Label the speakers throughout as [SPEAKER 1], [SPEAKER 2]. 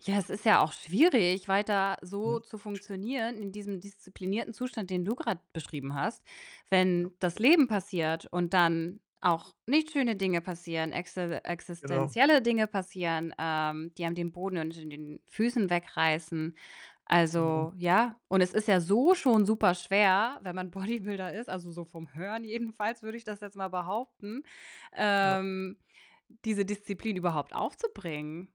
[SPEAKER 1] Ja, es ist ja auch schwierig, weiter
[SPEAKER 2] Mhm.
[SPEAKER 1] so zu funktionieren in diesem disziplinierten Zustand, den du grad beschrieben hast.
[SPEAKER 2] Ja.
[SPEAKER 1] Wenn das Leben passiert und dann auch nicht schöne Dinge passieren, exi
[SPEAKER 2] Genau.
[SPEAKER 1] existenzielle Dinge passieren, ähm, die einem den Boden unter den Füßen wegreißen.
[SPEAKER 2] Genau.
[SPEAKER 1] Also ja, und es ist ja so schon super schwer, wenn man Bodybuilder ist, also so vom Hören jedenfalls würde ich das jetzt mal behaupten,
[SPEAKER 2] Ja.
[SPEAKER 1] ähm, diese Disziplin überhaupt aufzubringen.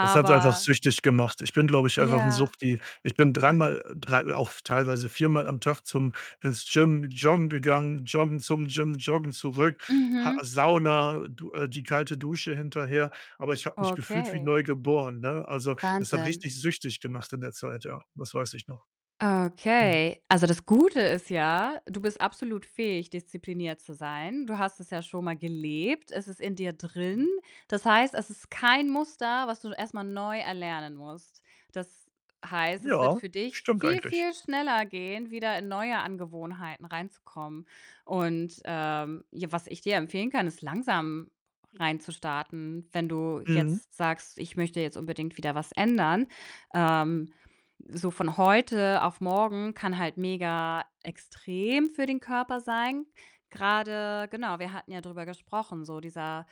[SPEAKER 2] Das hat einfach süchtig gemacht. Ich bin, glaube ich, einfach 'n
[SPEAKER 1] Ja.
[SPEAKER 2] Suchti. Ich bin dreimal, äh 3, auch teilweise viermal am Tag zum ins Gym joggen gegangen, joggen zum Gym, joggen zurück, Ha
[SPEAKER 1] Mhm.
[SPEAKER 2] Sauna, du äh, die kalte Dusche hinterher. Aber ich habe mich gefühlt wie
[SPEAKER 1] Okay.
[SPEAKER 2] neu geboren, ne? Also, das hat
[SPEAKER 1] Wahnsinn.
[SPEAKER 2] richtig süchtig gemacht in der Zeit, ja. Das weiß ich noch. Mhm.
[SPEAKER 1] Okay. Also das Gute ist ja, du bist absolut fähig, diszipliniert zu sein. Du hast es ja schon mal gelebt, es ist in dir
[SPEAKER 2] Ja.
[SPEAKER 1] drin. Das heißt, es ist kein Muster, was du erst mal neu erlernen musst. Das heißt, es wird
[SPEAKER 2] Ja,
[SPEAKER 1] für dich
[SPEAKER 2] stimmt
[SPEAKER 1] viel,
[SPEAKER 2] eigentlich.
[SPEAKER 1] viel schneller gehen, wieder in neue Angewohnheiten rein zu kommen und, ähm, ja, was ich dir empfehlen kann, ist langsam rein zu starten. Wenn du
[SPEAKER 2] Mhm.
[SPEAKER 1] jetzt sagst: „Ich möchte jetzt unbedingt wieder was ändern.“ Ähm, so von heute auf morgen kann halt mega extrem für den Körper sein. Grade genau, wir hatten ja drüber gesprochen, so dieser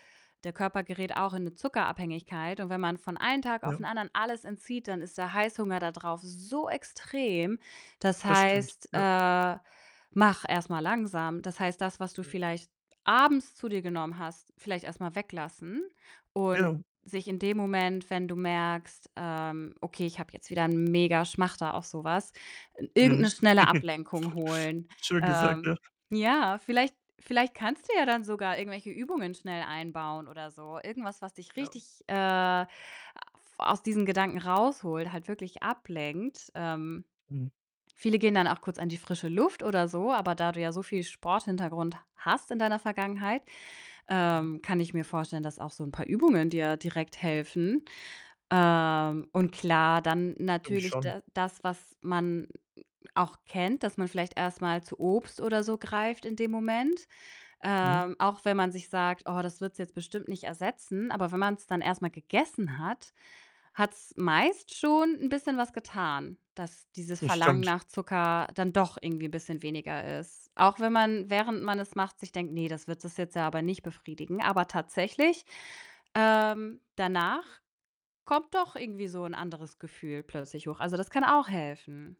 [SPEAKER 1] der Körper gerät auch in 'ne Zuckerabhängigkeit, und wenn man von einem Tag auf den
[SPEAKER 2] Ja.
[SPEAKER 1] anderen alles entzieht, dann ist der Heißhunger da drauf so extrem. Das
[SPEAKER 2] Das stimmt,
[SPEAKER 1] heißt,
[SPEAKER 2] ja.
[SPEAKER 1] äh, mach erst mal langsam. Das heißt, das, was du
[SPEAKER 2] Ja.
[SPEAKER 1] vielleicht abends zu dir genommen hast, vielleicht erst mal weglassen und
[SPEAKER 2] Ja.
[SPEAKER 1] sich in dem Moment, wenn du merkst, ähm: „Okay, ich habe jetzt wieder 'n mega Schmachter auf so was“, äh, irgend
[SPEAKER 2] Mhm.
[SPEAKER 1] 'ne schnelle Ablenkung holen.
[SPEAKER 2] Schön gesagt,
[SPEAKER 1] Ähm,
[SPEAKER 2] ja.
[SPEAKER 1] ja, vielleicht vielleicht kannst du ja dann sogar irgendwelche Übungen schnell einbauen oder so. Irgendwas, was dich
[SPEAKER 2] Ja.
[SPEAKER 1] richtig, äh, af aus diesen Gedanken raus holt, halt wirklich ablenkt. Ähm,
[SPEAKER 2] Mhm.
[SPEAKER 1] viele gehen dann auch kurz an die frische Luft oder so, aber da du ja so viel Sporthintergrund hast in deiner Vergangenheit,
[SPEAKER 2] Ja.
[SPEAKER 1] ähm, kann ich mir vorstellen, dass auch so 'n paar Übungen dir direkt helfen. Ähm, und klar, dann
[SPEAKER 2] [unintelligible]
[SPEAKER 1] natürlich
[SPEAKER 2] schon.
[SPEAKER 1] d das, was man auch kennt, dass man vielleicht erst mal zu Obst oder so greift in dem Moment.
[SPEAKER 2] Mhm.
[SPEAKER 1] Ähm, auch wenn man sich sagt: „Oh, das wird's jetzt bestimmt nicht ersetzen.“ Aber wenn man's dann erst mal gegessen hat, hat's meist schon 'n bisschen was getan, dass dieses
[SPEAKER 2] Das
[SPEAKER 1] Verlangen
[SPEAKER 2] stimmt.
[SPEAKER 1] nach Zucker dann doch irgendwie 'n bisschen weniger ist, auch wenn man, während man es macht, sich denkt: „Ne, das wird es jetzt ja aber nicht befriedigen.“ Aber tatsächlich, ähm, danach kommt doch irgendwie so 'n anderes Gefühl plötzlich hoch. Also, das kann auch helfen.